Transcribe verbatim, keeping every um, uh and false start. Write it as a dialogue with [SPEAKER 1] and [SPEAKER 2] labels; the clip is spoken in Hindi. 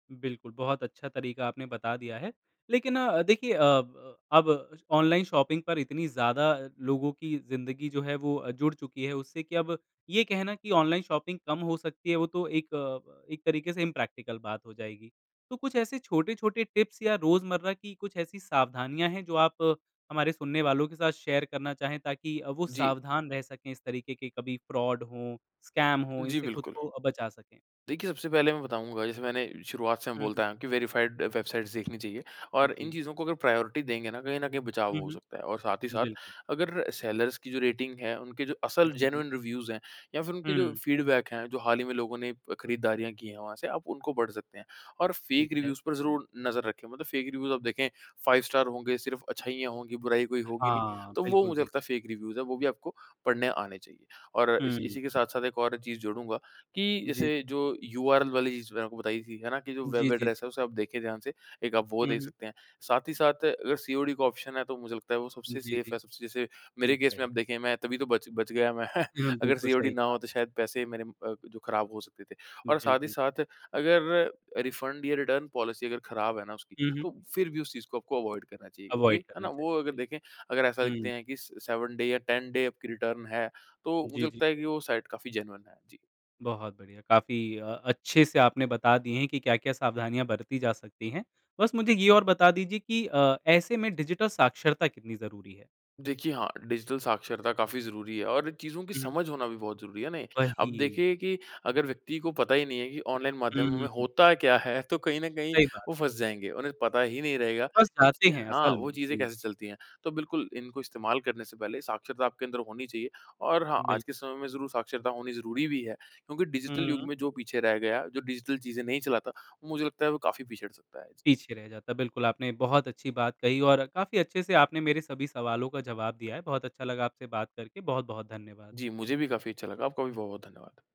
[SPEAKER 1] बिल्कुल, बहुत अच्छा तरीक़ा आपने बता दिया है। लेकिन अ, देखिए अ, अब ऑनलाइन शॉपिंग पर इतनी ज़्यादा लोगों की ज़िंदगी जो है वो जुड़ चुकी है उससे कि अब ये कहना कि ऑनलाइन शॉपिंग कम हो सकती है वो तो एक एक तरीक़े से इम्प्रेक्टिकल बात हो जाएगी। तो कुछ ऐसे छोटे-छोटे टिप्स या रोज़मर्रा की कुछ ऐसी सावधानियाँ है जो आप हमारे सुनने वालों के साथ शेयर करना चाहें ताकि अ, वो
[SPEAKER 2] जी।
[SPEAKER 1] सावधान रह सके इस तरीक़े के कभी फ्रॉड हो, स्कैम हो
[SPEAKER 2] जी,
[SPEAKER 1] इनसे खुद
[SPEAKER 2] बिल्कुल।
[SPEAKER 1] को बचा सकें।
[SPEAKER 2] देखिए सबसे पहले मैं बताऊँगा जैसे मैंने शुरुआत से मैं
[SPEAKER 1] हुँ,
[SPEAKER 2] बोलता
[SPEAKER 1] हुँ।
[SPEAKER 2] आया हूँ कि वेरिफाइड वेबसाइट्स देखनी चाहिए और इन
[SPEAKER 1] जी।
[SPEAKER 2] चीज़ों को अगर प्रायोरिटी देंगे ना कहीं न कहीं बचाव
[SPEAKER 1] हुँ,
[SPEAKER 2] हो सकता है और साथ ही
[SPEAKER 1] हुँ,
[SPEAKER 2] साथ,
[SPEAKER 1] बिल्क
[SPEAKER 2] अगर सेलर्स की जो रेटिंग है उनके जो असल
[SPEAKER 1] जी, जी।
[SPEAKER 2] जेनुइन रिव्यूज़ हैं या फिर उनके जो
[SPEAKER 1] हुँ।
[SPEAKER 2] फीडबैक है जो हाल ही में लोगों ने खरीदारियाँ की है वहाँ से आप उनको पढ़ सकते हैं। और
[SPEAKER 1] ठीक
[SPEAKER 2] फेक
[SPEAKER 1] है।
[SPEAKER 2] रिव्यूज़ पर ज़रूर नज़र रखें, मतलब फेक रिव्यूज़ आप देखें फाइव स्टार होंगे, सिर्फ अच्छाइयाँ होंगी, बुराई कोई होगी नहीं,
[SPEAKER 1] हाँ,
[SPEAKER 2] तो वो
[SPEAKER 1] बिल्कुल,
[SPEAKER 2] मुझे
[SPEAKER 1] बिल्कु
[SPEAKER 2] लगता है फेक रिव्यूज़ हैं वो भी आपको पढ़ने आने चाहिए। और इसी
[SPEAKER 1] हुँ।
[SPEAKER 2] इसी के साथ-साथ एक और चीज़ जोड़ूँगा, कि
[SPEAKER 1] जी।
[SPEAKER 2] जैसे जो यूआरएल वाली चीज़ मैंने आपको बताई थी, है ना? कि जो वेब
[SPEAKER 1] जी, जी,
[SPEAKER 2] एड्रेस है
[SPEAKER 1] जी।
[SPEAKER 2] उसे आप देखें ध्यान से एक आप वो
[SPEAKER 1] हुँ,
[SPEAKER 2] देख
[SPEAKER 1] हुँ।
[SPEAKER 2] सकते हैं। साथ ही साथ अगर सीओडी का ऑप्शन है तो मुझे लगता है वो सबसे
[SPEAKER 1] जी,
[SPEAKER 2] सेफ
[SPEAKER 1] जी,
[SPEAKER 2] है, सबसे जैसे
[SPEAKER 1] सही
[SPEAKER 2] मेरे केस में
[SPEAKER 1] कहा।
[SPEAKER 2] आप देखें मैं तभी तो बच बच गया मैं
[SPEAKER 1] हाँ,
[SPEAKER 2] अगर
[SPEAKER 1] बिल्कुल
[SPEAKER 2] सीओडी
[SPEAKER 1] सही
[SPEAKER 2] ना
[SPEAKER 1] कहा
[SPEAKER 2] हो
[SPEAKER 1] आपने।
[SPEAKER 2] तो शायद पैसे मेरे अ, जो ख़राब हो सकते थे।
[SPEAKER 1] हुँ,
[SPEAKER 2] और साथ ही
[SPEAKER 1] बिल्कुल।
[SPEAKER 2] साथ अगर रिफंड या रिटर्न पॉलिसी अगर ख़राब है ना उसकी,
[SPEAKER 1] हुँ, हुँ।
[SPEAKER 2] तो फिर भी उस चीज़ को आपको अवॉइड करना चाहिए क्योंकि,
[SPEAKER 1] अवॉइड
[SPEAKER 2] है
[SPEAKER 1] करना
[SPEAKER 2] ना? वो
[SPEAKER 1] चाहिए
[SPEAKER 2] अगर देखें
[SPEAKER 1] बिल्कुल।
[SPEAKER 2] अगर ऐसा लिखते
[SPEAKER 1] हुँ।
[SPEAKER 2] हैं कि सेवन डे या टेन डे आपकी रिटर्न है, तो मुझे
[SPEAKER 1] जी, जी।
[SPEAKER 2] लगता है कि वो साइट काफ़ी जेनुइन है, जी।
[SPEAKER 1] बहुत बढ़िया, काफ़ी अ, अच्छे से आपने बता दिए हैं कि क्या-क्या सावधानियाँ बरती जा सकती है। बस मुझे ये और बता दीजिए कि अ, ऐसे में डिजिटल साक्षरता कितनी ज़रूरी है?
[SPEAKER 2] देखिए हाँ, डिजिटल साक्षरता काफ़ी ज़रूरी है और चीज़ों की
[SPEAKER 1] हुँ, हुँ।
[SPEAKER 2] समझ होना भी बहुत ज़रूरी है ना? अब
[SPEAKER 1] वही।
[SPEAKER 2] देखिए कि अगर व्यक्ति को पता ही नहीं है कि ऑनलाइन
[SPEAKER 1] हुँ,
[SPEAKER 2] माध्यमों में
[SPEAKER 1] हुँ, हुँ।
[SPEAKER 2] होता क्या है, तो कहीं न कहीं
[SPEAKER 1] सही बात।
[SPEAKER 2] वो फँस जाएँगे। उन्हें पता ही नहीं रहेगा
[SPEAKER 1] फँस जाते
[SPEAKER 2] कि
[SPEAKER 1] हैं
[SPEAKER 2] हाँ,
[SPEAKER 1] असल
[SPEAKER 2] वो
[SPEAKER 1] में,
[SPEAKER 2] चीज़ें
[SPEAKER 1] जी।
[SPEAKER 2] कैसे चलती हैं। तो बिल्कुल इनको इस्तेमाल करने से पहले साक्षरता आपके अंदर होनी चाहिए और हाँ, आज
[SPEAKER 1] बिल्क
[SPEAKER 2] के समय में ज़रूर साक्षरता होनी ज़रूरी भी है, क्योंकि डिजिटल युग
[SPEAKER 1] हम्म।
[SPEAKER 2] में जो पीछे रह गया, जो डिजिटल चीज़ें नहीं चलाता मुझे लगता है वो काफ़ी पीछे हट सकता है।
[SPEAKER 1] पीछे रह जाता है बिल्कुल, आपने बहुत अच्छी बात कही और काफ़ी अच्छे से आपने मेरे सभी सवालों का जवाब दिया है। बहुत अच्छा लगा आपसे बात करके, बहुत-बहुत धन्यवाद।
[SPEAKER 2] जी, मुझे भी काफ़ी अच्छा लगा। आपका भी बहुत-बहुत धन्यवाद।